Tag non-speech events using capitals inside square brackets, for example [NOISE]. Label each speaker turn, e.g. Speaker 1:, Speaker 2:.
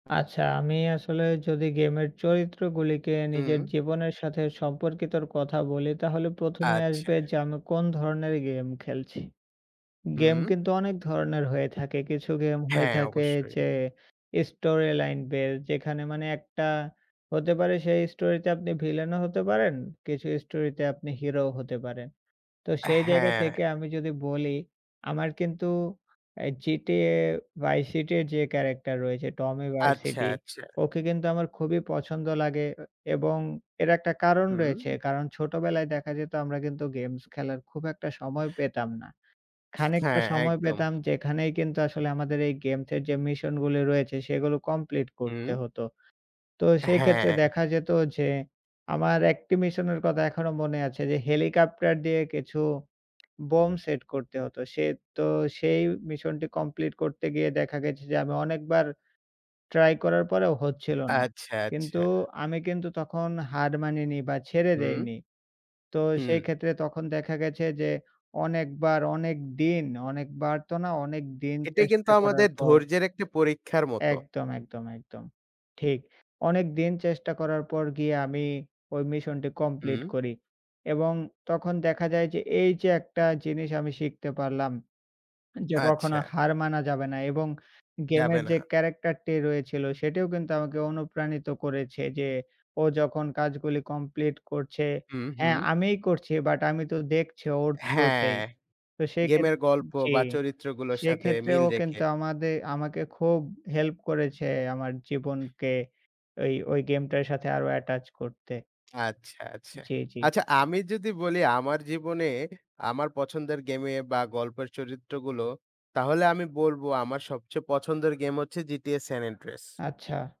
Speaker 1: আচ্ছা আমি আসলে যদি গেমের চরিত্রগুলিকে
Speaker 2: হুম।
Speaker 1: নিজের জীবনের সাথে সম্পর্কিতর কথা বলি। তাহলে প্রথমে
Speaker 2: আচ্ছা।
Speaker 1: আসবে যে আমি কোন ধরনের গেম খেলছি। গেম
Speaker 2: হুম।
Speaker 1: কিন্তু অনেক ধরনের হয়ে থাকে। কিছু গেম হয়ে
Speaker 2: হ্যাঁ
Speaker 1: থাকে
Speaker 2: অবশ্যই।
Speaker 1: যে স্টোরি লাইন বেজ যেখানে মানে ১ টা হতে পারে সেই স্টোরিতে আপনি ভিলেনও হতে পারেন। কিছু স্টোরি তে আপনি হিরোও হতে পারেন। তো
Speaker 2: আ
Speaker 1: সেই জায়গা
Speaker 2: হ্যাঁ।
Speaker 1: থেকে আমি যদি বলি আমার কিন্তু অ্যা GTA: Vice City এর যে ক্যারেক্টার রয়েছে Tommy
Speaker 2: আচ্ছা,
Speaker 1: Vercetti,
Speaker 2: আচ্ছা।
Speaker 1: ওকে কিন্তু আমার খুবই পছন্দ লাগে এ এবং এর একটা কারণ রয়েছে।
Speaker 2: হুম।
Speaker 1: কারণ ছোটবেলায় দেখা যেতো আমরা কিন্তু গেমস খেলার খুব একটা সময় পেতাম না। খানিকটা
Speaker 2: হ্যাঁ,
Speaker 1: সময়
Speaker 2: একদম।
Speaker 1: পেতাম যেখানেই কিন্তু আসলে আমাদের এই গেমসের যে মিশনগুলি রয়েছে সেগুলো কমপ্লিট
Speaker 2: হুম।
Speaker 1: করতে হতো। তো
Speaker 2: আ
Speaker 1: সেইক্ষেত্রে
Speaker 2: হ্যাঁ।
Speaker 1: দেখা যেতো যে আমার ১ টি মিশনের কথা এখনো মনে আছে যে হেলিকপ্টার দিয়ে কিছু [SMACKS LIPS] বম্ব সেট করতে হতো। সে তো সেই মিশনটি কমপ্লিট করতে গিয়ে দেখা গেছে যে আমি অনেকবার ট্রাই করার পরেও হচ্ছিল না।
Speaker 2: আচ্ছা, আচ্ছা।
Speaker 1: কিন্তু আমি কিন্তু তখন হার মানিনি বা ছেড়ে
Speaker 2: হুম।
Speaker 1: দেইনি। তো
Speaker 2: হুম।
Speaker 1: সেই ক্ষেত্রে তখন দেখা গেছে যে অনেকবার অনেক দিন, অনেকবার তো না অনেকদিন
Speaker 2: এটি কিন্তু
Speaker 1: চেষ্টা করার
Speaker 2: আমাদের
Speaker 1: পর
Speaker 2: ধৈর্যের একটি পরীক্ষার মতো।
Speaker 1: একদম, একদম, একদম। ঠিক। অনেকদিন চেষ্টা করার পর গিয়ে আমি ঐ মিশনটি কমপ্লিট
Speaker 2: হুম।
Speaker 1: করি। এবং তখন দেখা যায় যে, এইযে একটা জিনিস আমি শিখতে পারলাম যে, কখনো
Speaker 2: আচ্ছা।
Speaker 1: হার মানা যাবে না এবং
Speaker 2: যাবে
Speaker 1: গেমের
Speaker 2: না।
Speaker 1: যে ক্যারাক্টার টি রয়েছিল সেটিও কিন্তু আমাকে অনুপ্রাণিত করেছে যে ও যখন কাজগুলি কমপ্লিট করছে
Speaker 2: হুম,
Speaker 1: হ্যাঁ
Speaker 2: হুম।
Speaker 1: আমিই করছি বাট আমি তো দেখছি ওর
Speaker 2: হ্যাঁ,
Speaker 1: থ্রুতেই। তো সেইক্ষেত
Speaker 2: গেমের গল্প
Speaker 1: জি।
Speaker 2: বা চরিত্র গুলোর সাথে
Speaker 1: সেইক্ষেত্রে
Speaker 2: মিল
Speaker 1: ও
Speaker 2: রেখে।
Speaker 1: কিন্তু আমাদে আমাকে খুব হেল্প করেছে আমার জীবনকে ঐ ঐ গেমটার সাথে আরো অ্যাটাচ করতে।
Speaker 2: আচ্ছা, আচ্ছা।
Speaker 1: জি, জি।
Speaker 2: আচ্ছা আমি যদি বলি আমার জীবনের আমার পছন্দের গেমে বা গল্পের চরিত্রগুলো তাহলে আমি বলবো আমার সবচেয়ে পছন্দের গেম হচ্ছে GTA: San Andreas।
Speaker 1: আচ্ছা।